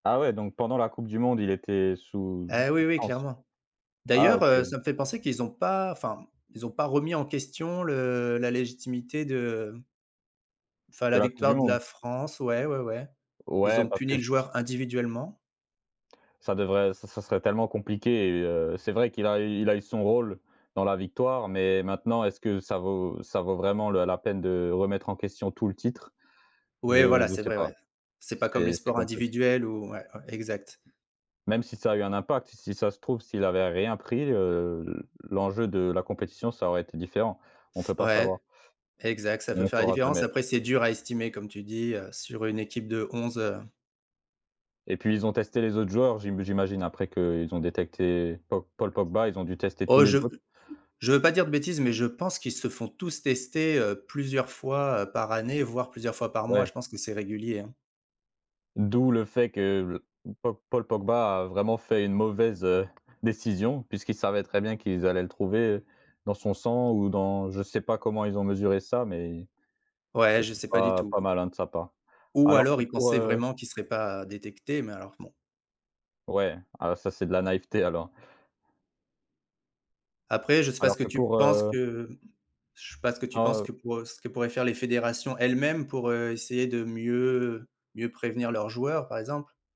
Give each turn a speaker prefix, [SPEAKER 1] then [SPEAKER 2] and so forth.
[SPEAKER 1] Ah ouais, donc pendant la Coupe du monde, il était sous
[SPEAKER 2] Eh oui, oui
[SPEAKER 1] substance.
[SPEAKER 2] clairement.
[SPEAKER 1] Ah
[SPEAKER 2] D'ailleurs,
[SPEAKER 1] OK.
[SPEAKER 2] heu, ça me fait penser qu'ils ont pas enfin, ils ont pas remis en question le la légitimité de, mmh enfin
[SPEAKER 1] De
[SPEAKER 2] la
[SPEAKER 1] la Coupe du
[SPEAKER 2] victoire de
[SPEAKER 1] monde?
[SPEAKER 2] la France, ouais, ouais, ouais. Ils
[SPEAKER 1] Ouais,
[SPEAKER 2] ont
[SPEAKER 1] parce que
[SPEAKER 2] puni le
[SPEAKER 1] c
[SPEAKER 2] joueur individuellement.
[SPEAKER 1] Ça devrait ça ça serait tellement compliqué et heu c'est vrai qu'il a il a eu son rôle dans la victoire, mais maintenant est-ce que ça vaut ça vaut vraiment le la peine de remettre en question tout le titre? Je
[SPEAKER 2] Ouais, voilà,
[SPEAKER 1] je
[SPEAKER 2] c'est
[SPEAKER 1] sais
[SPEAKER 2] vrai,
[SPEAKER 1] pas,
[SPEAKER 2] ouais. C'est pas comme les
[SPEAKER 1] c'est c'est
[SPEAKER 2] sports
[SPEAKER 1] complexe.
[SPEAKER 2] individuels ou ouais, ouais, exact.
[SPEAKER 1] Même si ça a eu un impact, si ça se trouve s'il avait rien pris, heu, l'enjeu de la compétition ça aurait été différent. On peut pas
[SPEAKER 2] Ouais.
[SPEAKER 1] savoir.
[SPEAKER 2] Exact, ça peut
[SPEAKER 1] On
[SPEAKER 2] faire la
[SPEAKER 1] saura
[SPEAKER 2] différence.
[SPEAKER 1] jamais.
[SPEAKER 2] Après, «c'est dur à estimer», comme tu dis, heu, sur une équipe de 11, heu
[SPEAKER 1] Et puis ils ont testé les autres joueurs. J'im j'imagine après que ils ont détecté Pau Paul Pogba, ils ont dû tester tous
[SPEAKER 2] Oh
[SPEAKER 1] les
[SPEAKER 2] je
[SPEAKER 1] autres.
[SPEAKER 2] je veux pas dire de bêtise, mais je pense qu'ils se font tous tester, heu, plusieurs fois, heu, par année, voire, plusieurs fois par mois.
[SPEAKER 1] Ouais.
[SPEAKER 2] Je pense que c'est régulier, hein.
[SPEAKER 1] D'où le fait que Pau Paul Pogba a vraiment fait une mauvaise, heu, décision, puisqu'il savait très bien qu'ils allaient le trouver dans son sang ou dans je sais pas comment ils ont mesuré ça, mais
[SPEAKER 2] Ouais, je
[SPEAKER 1] c'était
[SPEAKER 2] sais pas du
[SPEAKER 1] pas
[SPEAKER 2] tout.
[SPEAKER 1] pas malin de sa part.
[SPEAKER 2] Ou
[SPEAKER 1] Alors
[SPEAKER 2] alors,
[SPEAKER 1] que
[SPEAKER 2] il
[SPEAKER 1] pour,
[SPEAKER 2] pensait
[SPEAKER 1] heu
[SPEAKER 2] vraiment qu'il serait pas détecté, mais alors bon.
[SPEAKER 1] Ouais, ah ça, c'est de la naïveté alors.
[SPEAKER 2] Après, je sais pas ce
[SPEAKER 1] Alors
[SPEAKER 2] que
[SPEAKER 1] que
[SPEAKER 2] tu
[SPEAKER 1] pour,
[SPEAKER 2] penses
[SPEAKER 1] heu
[SPEAKER 2] que je sais pas ce que tu
[SPEAKER 1] Ah,
[SPEAKER 2] penses
[SPEAKER 1] heu
[SPEAKER 2] que pour, heu ce que pourraient faire les fédérations elles-mêmes pour, heu, essayer de mieux mieux prévenir leurs joueurs, par exemple?